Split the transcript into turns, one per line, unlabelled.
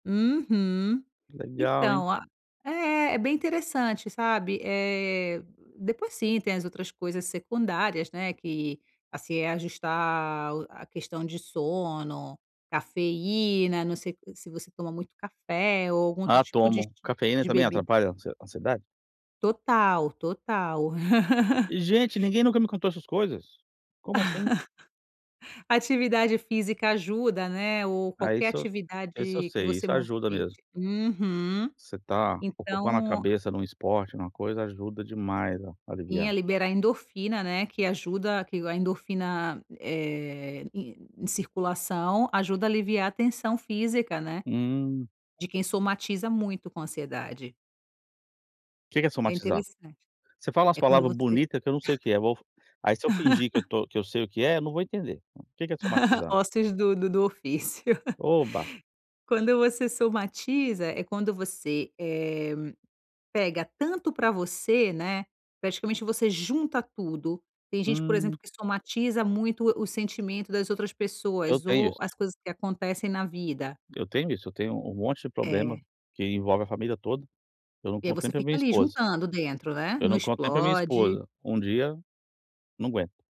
Uhum.
Legal, hein?
Então a é. É bem interessante, sabe. Eh, depois, sim, tem as outras coisas secundárias, né, que, assim, é ajustar o a questão de sono, cafeína não sei s se você toma muito café ou algum outro
Ah,
tipo de
tomo. Cafeína
de
também
bebida.
atrapalha ansi ansiedade?
Total, total.
Ih, gente, ninguém nunca me contou essas coisas! Como assim?
Atividade física ajuda, né, ou
Ah,
qualquer
isso isso eu
atividade que
sei.
você
Isso ajuda mesmo.
movimente uhum.
Você tá ocupando a
Então, a
cabeça num esporte, numa coisa, ajuda demais a
Sim,
aliviar.
a liberar endorfina, né, que ajuda que a endorfina, eh, em circulação ajuda a aliviar a tensão física, né,
Hum.
de quem somatiza muito com ansiedade.
O que que é
É
somatizar?
interessante.
Você fala umas
É quando
palavra
você
bonita que eu não sei o que é eu vou aí se eu fingir que eu tô que eu sei o que é, não vou entender. O que que é somatizar?
Ossos do do do ofício.
Oba.
Quando você somatiza é quando você, eh, pega tanto pra você, né, praticamente você junta tudo. Tem gente, por
Hum.
exemplo, que somatiza muito o sentimento das outras
Eu
pessoas
tenho
ou
isso.
as coisas que acontecem na vida.
Eu tenho isso. Eu tenho um monte de problema
É.
que envolve a família toda. Eu não
E aí
conto nem
você
para a
fica
minha
ali,
esposa.
juntando dentro, né.
Eu
Não
não conto nem para a minha
explode.
esposa. Um dia não aguento.